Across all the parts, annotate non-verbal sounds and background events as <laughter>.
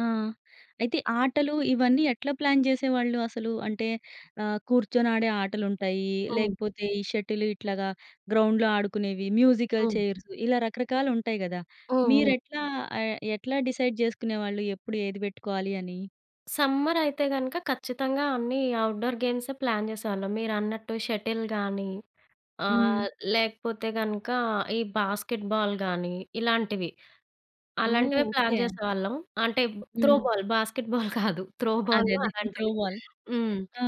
ఆ! అయితే ఆటలు ఇవన్నీ ఎట్లా ప్లాన్ జేసేవాళ్ళు అసలు? అంటే ఆహ్, కూర్చొని ఆడే ఆటలు ఉంటాయి. హ్మ్. లేకపోతే, ఈ షటిల్ ఇట్లాగా గ్రౌండ్‌లో ఆడుకునేవి. మ్యూజికల్ హ్మ్. చైర్స్ ఇలా రకరకాలు ఉంటాయి గదా! హ్మ్. మీరు హ్మ్. ఎట్లా ఆహ్, ఎట్లా డిసైడ్ జేసుకునేవాళ్ళు? ఎప్పుడు ఏది పెట్టుకోయాలియని? సమ్మర్ అయితే గనుక ఖచ్చితంగా అన్ని ఔట్‌‌డోర్ గేమ్స్ ప్లాన్ జేసేవాళ్ళం. మీరన్నట్టు షటిల్ గానీ, ఆ! హ్మ్. లేకపోతే గనక ఈ బాస్కెట్ బాల్ గానీ, ఇలాంటివి. ఓహ్! అలాంటివి ప్లాన్ ఓకే. జేసేవాళ్ళం. అంటే త్రో హ్మ్. బాల్ బాస్కెట్ బాల్ <giggles> కాదు! త్రో బాల్ అదే. అదే. త్రో అలాంటివి. బాల్ హ్మ్. ఆ!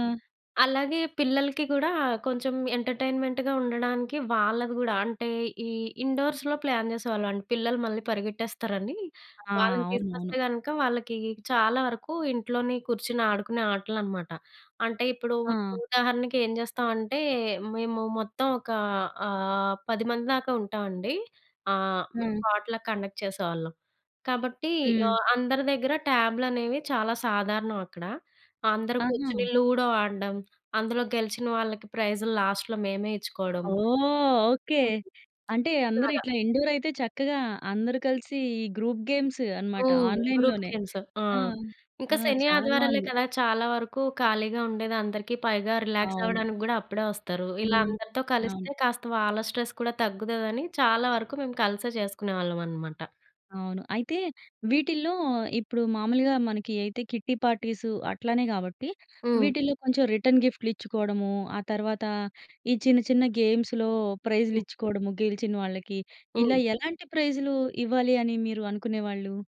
అలాగే పిల్లలకి కూడా కొంచెం ఎంటర్టైన్మెంట్‌గా ఉండడానికి వాళ్ళది గూడా అంటే, ఈ ఇండోర్స్‌లొ ప్లాన్ జేసేవాళ్ళం అండి. పిల్లలు మళ్ళీ పరిగెట్టేస్తారని. ఆ! వాళ్ళని అవునవును. తీసుకొస్తే గనుక వాళ్ళకి చాలా వరకు ఇంట్లోనే కూర్చొని ఆడుకునే ఆటలు అనమాట. అంటే ఇప్పుడు ఆ! ఉదాహరణకి ఏం జేస్తామంటే. మేము మొత్తం ఒక ఆహ్, 10 మంది దాకా ఉంటామండి. ఆహ్, మేము హ్మ్. పొట్‌లాక్ కండక్ట్ చేసేవాళ్ళం. కాబట్టి హ్మ్. అందరి దగ్గర ట్యాబ్‌లనేవి చాలా సాధారణం అక్కడ. అందరూ ఆహా! కూర్చొని లూడో ఆడ్డం. అందులో గెలిచిన వాళ్ళకి ప్రైజులు లాస్ట్‌లొ మేమే ఇచ్చుకోడం. ఓహ్! ఓకే. హ్మ్. అంటే అందరూ ఇలాగ. ఇట్లా ఇండోర్ అయితే చక్కగా అందరూ కలిసి ఈ గ్రూప్ గేమ్స్ అనమాట. హ్మ్. ఆన్లైన్‌ గ్రూప్ లోనే. గేమ్స్ ఆ! ఆ! ఇంకా ఆ! శని చాలా ఆదివారాలే బాగుంది. కదా! చాలా వరకు ఖాళీగా ఉండేది అందరికి పైగా రిలాక్స్ అవును. అవ్వడానికి గూడా అప్పుడే వస్తారు. ఇలా హ్మ్. అందరితో అవును. కలిస్తే కాస్త వాళ్ళ స్ట్రెస్ కూడా తగ్గుతుందని. చాలా వరకు మేము కలిసే చేసుకునేవాళ్ళం అనమాట. అవును. అయితే వీటిల్లో ఇప్పుడు మామూలుగా మనకి అయితే కిట్టి పార్టీస్ అట్లనే గాబట్టి హ్మ్. వీటిల్లో కొంచెం రిటర్న్ గిఫ్ట్‌లు ఇచ్చుకోవడము. ఆ తర్వాత ఈ చిన్న చిన్న గేమ్స్‌లో ప్రైజ్‌లు హ్మ్. ఇచ్చుకోవడము గెలిచినొళ్ళకి. ఇలా హ్మ్. ఎలాంటి ప్రైజ్‌లు ఇవ్వాలి అని మీరు అనుకునేవాళ్ళు?